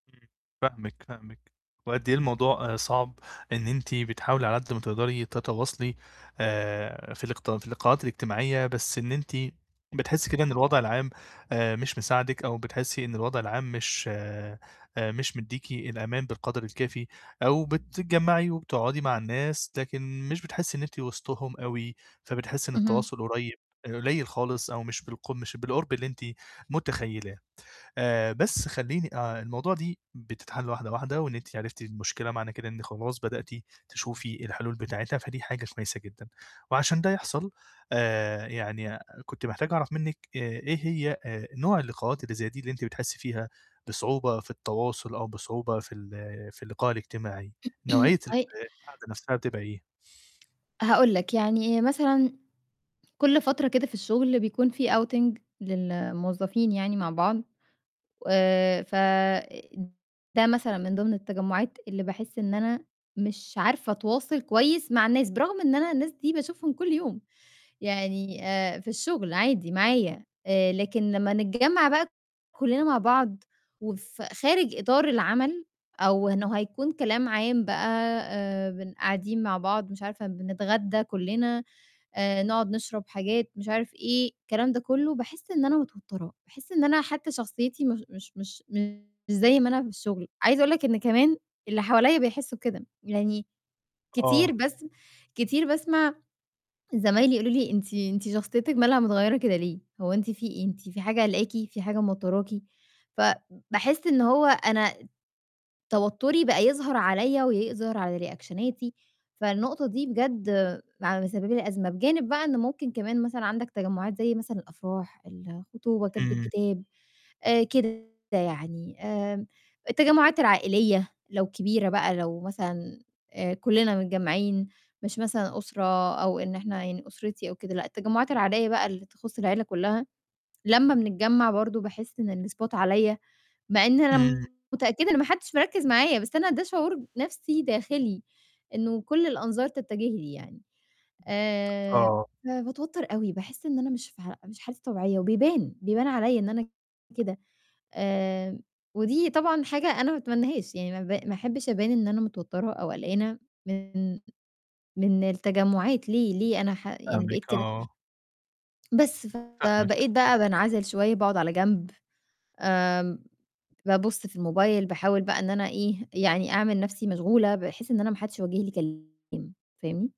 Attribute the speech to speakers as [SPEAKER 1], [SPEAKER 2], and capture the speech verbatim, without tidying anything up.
[SPEAKER 1] إمم، فاهمِك، فاهمِك. وقد أي الموضوع آآ صَعب، إن أنتِ بتحاولي على قد ما تقدري تتواصلي آآ في الاقت في اللقاءات الإجتماعية، بس إن أنتِ بتحسّي كده إن الوضع العام آآ مش مساعدِك أو بتحسّي إن الوضع العام مش آآ مش مدّيكِ الأمان بالقدر الكافي، أو بتتجمَّعي وبتقعُدي مع الناس لكن مش بتحسّي إن أنتِ وِسطهم أوي، فبتحسّي إن
[SPEAKER 2] اهم.
[SPEAKER 1] التواصل قريب آآ قُلَيل خالص أو مش بالق مش بالقُرب اللي أنتِ مُتخيّلاه. آآ بس خلّيني آآ الموضوع دي بتتحَل واحدة، واحدة وإن أنتِ عِرفتِ المشكلة معنى كده إن خلاص بدأتِ تشوفي الحلول بتاعتها، فدي حاجة كويسة جدًا. وعشان ده يحصل آآ يعني [unintelligible] كنت محتاج أعرَف منِّك آآ إيه هي آآ نوع اللقاءات اللي زي دي اللي أنتِ بتحسّي فيها بصعوبة في التواصل أو بصعوبة في ال في اللقاء الإجتماعي. نوعيّة ال
[SPEAKER 2] [unintelligible]
[SPEAKER 1] القعدة نَفْسها بتبقى إيه؟
[SPEAKER 2] هاقول لك يعني مثلًا كل فترة كده في الشُغل بيكون في outing للموظفين يعني مع بعض و ف آآ ده مثلًا من ضِمن التجمُّعات اللي باحس إن أنا مش عارفة أتواصل كويس مع الناس، برغم إن أنا الناس دي باشوفهم كل يوم يعني آآ في الشُغل عادي، معايا، آآ لكن لمّا نتجمّع بقى ت كلّنا مع بعض وف خارج إطار العمل أو إنه هيكون كلام عام بقى آآ بن قاعدين مع بعض مش عارفة بنتغدى كلّنا، آآ نقعُد نشرب حاجات مش عارف إيه الكلام ده كلّه باحس إن أنا مِتوترة، باحس إن أنا حتى شخصيتي مش مش مش مش زي ما أنا في الشُغل. عايزة أقول لك إن كمان اللي حواليّا بيحسّوا كده، يعني كتير
[SPEAKER 1] آه.
[SPEAKER 2] بسم كتير باسمع زمايلي يقولوا لي: "أنتِ أنتِ شخصيتِك مالها متغيّرة كده ليه، هو أنتِ في إيه، أنتِ في حاجة قالقاكِ، في حاجة موتّراكِ؟" فباحس إن هو أنا توتّري بقى يظهر عليّا يأظر على رِيأكشَناتي، فالنقطة دي بجد ع مسَببه لي أزمة. بجانب بقى إن ممكن كمان مثلًا عندك تجمُّعات زي مثلًا الأفراح، الخطوبة، كَتب
[SPEAKER 1] إمم.
[SPEAKER 2] الكِتاب آآ كده يعني، آمم التجمُّعات العائليّة لو كبيرة بقى لو مثلًا آآ كلّنا متجمَّعين مش مثلًا أُسرة أو إن إحنا يعني أُسرتي أو كده لأ، التجمُّعات العائليّة بقى اللي تخُص العيلة كلّها، لمّا بنتجمَّع برضه باحس إن الspot عليّا، مع إن
[SPEAKER 1] إمم.
[SPEAKER 2] أنا متأكدة إن ما حدش مركِّز معايا، بس أنا ده شعور ب نَفْسي داخِلي إنه كل الأنظار تَتَجه لي يعني، آآ
[SPEAKER 1] آه.
[SPEAKER 2] فباتوتّر أوي باحس إن أنا مش في ح مش حالتي طبيعية وبيبان، بيبان عليّا إن أنا كده. آمم ودي طبعًا حاجة أنا ما أتمنّاهاش، يعني ما ب ما أحبّش أبان إن أنا متوتّرة أو قلقانة من من التجمُّعات، ليه ليه أنا ح يعني
[SPEAKER 1] فاهمِك،
[SPEAKER 2] بقيت كده؟
[SPEAKER 1] آه.
[SPEAKER 2] بس،
[SPEAKER 1] فاهمِك.
[SPEAKER 2] فبقيت بقى بانعَزِل شوية باقعُد على جنب، آمم بابُص في الموبايل باحاول بقى إن أنا إيه يعني أعمل نَفْسي مشغولة بحيث إن أنا ما حدش يوجّه لي كلام، فاهمني؟